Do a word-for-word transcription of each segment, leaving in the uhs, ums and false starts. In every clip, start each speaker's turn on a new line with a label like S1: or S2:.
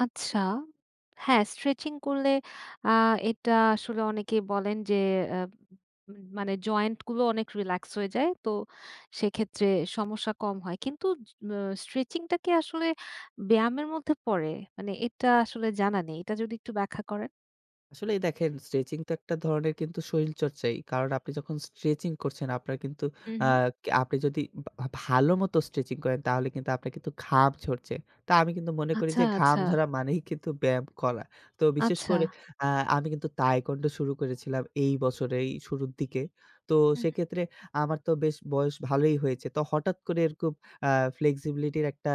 S1: আচ্ছা। হ্যাঁ স্ট্রেচিং করলে আ এটা আসলে অনেকে বলেন যে এ্যা মানে জয়েন্ট গুলো অনেক রিল্যাক্স হয়ে যায়। তো সেক্ষেত্রে সমস্যা কম হয়। কিন্তু অ স্ট্রেচিংটা কি আসলে ব্যায়ামের মধ্যে পড়ে? মানে এটা আসলে জানা নেই। এটা যদি একটু ব্যাখ্যা করেন?
S2: আসলে দেখেন স্ট্রেচিং তো একটা ধরনের কিন্তু শরীরচর্চাই। কারণ আপনি যখন স্ট্রেচিং করছেন আপনার কিন্তু
S1: হু,
S2: আ
S1: হু।
S2: আপনি যদি ভা ভালো মত স্ট্রেচিং করেন তাহলে কিন্তু আপনার কিন্তু ঘাম ঝড়ছে। তা আমি কিন্তু মনে করি
S1: আচ্ছা,
S2: যে ঘাম
S1: আচ্ছা।
S2: ঝরা মানেই কিন্তু ব্যায়াম করা। তো বিশেষ করে
S1: আচ্ছা।
S2: আ আমি কিন্তু তাইকুয়ান্ডো শুরু করেছিলাম এই বছরেই শুরুর দিকে। তো
S1: হু, হু।
S2: সেক্ষেত্রে আমার তো বেশ বয়স ভালই হয়েছে। তো হঠাৎ করে আ এরকম ফ্লেক্সিবিলিটির একটা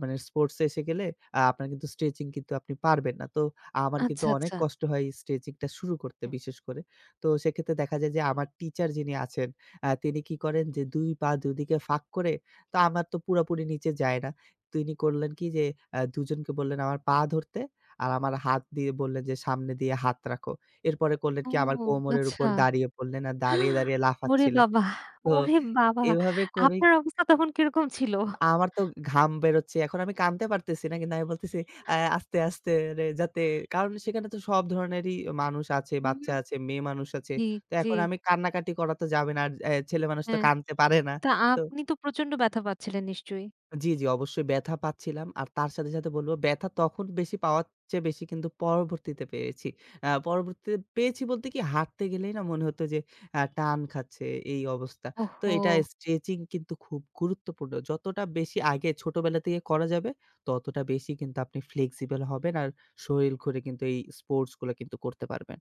S2: মানে স্পোর্টস এসে গেলে আ আপনার কিন্তু স্ট্রেচিং কিন্তু আপনি পারবেন না। তো আমার কিন্তু
S1: আচ্ছা,
S2: অনেক
S1: আচ্ছা।
S2: কষ্ট হয় স্ট্রেচিং টা শুরু করতে
S1: হুম।
S2: বিশেষ করে। তো সেক্ষেত্রে দেখা যায় যে আমার টিচার যিনি আছেন আ তিনি কি করেন যে দুই পা দুদিকে ফাঁক করে তো আমার তো পুরাপুরি নিচে যায় না। তো তিনি করলেন কি যে আ দুজনকে বললেন আমার পা ধরতে আর আমার হাত দিয়ে বললেন যে সামনে দিয়ে হাত রাখো। এরপরে করলেন
S1: ও
S2: কি আমার কোমরের
S1: আচ্ছা।
S2: উপর দাঁড়িয়ে পড়লেন আর দাঁড়িয়ে, দাঁড়িয়ে
S1: ওরে
S2: লাফাচ্ছিলেন।
S1: বাবা!
S2: তো
S1: ওরে বাবা!
S2: এভাবে করে
S1: আপনার অবস্থা তখন কিরকম ছিল?
S2: আমার তো ঘাম বেরোচ্ছে। এখন আমি কানতে পারতেছি না। কিন্তু আমি বলতেছি "আ আস্তে, আস্তে" যাতে কারণ সেখানে তো সব ধরনেরই মানুষ আছে,
S1: হুম,
S2: বাচ্চা
S1: হুম।
S2: আছে, মেয়ে মানুষ আছে। তো
S1: জি।
S2: এখন আমি কান্নাকাটি করা তো যাবে না। আর আ ছেলেমানুষ তো
S1: হ্যাঁ,
S2: কানতে পারে না।
S1: তা
S2: তো।
S1: আপনি তো প্রচন্ড ব্যথা পাচ্ছিলেন নিশ্চয়ই।
S2: জ্বি, জ্বি অবশ্যই ব্যাথা পাচ্ছিলাম। আর তার সাথে, সাথে বলব ব্যাথা তখন বেশি পাওয়ার চেয়ে বেশি কিন্তু পরবর্তীতে পেয়েছি। আ পরবর্তীতে পেয়েছি বলতে কি হাঁটতে গেলেই না মনে হত যে আ টান খাচ্ছে এই অবস্থা। তো এটা
S1: ওহো।
S2: স্ট্রেচিং কিন্তু খুব গুরুত্বপূর্ণ। যতটা বেশি আগে ছোটবেলা থেকে করা যাবে ততটা বেশি কিন্তু আপনি ফ্লেক্সিবল হবেন আর শরীর ঘরে কিন্তু এই স্পোর্টস গুলো কিন্তু করতে পারবেন।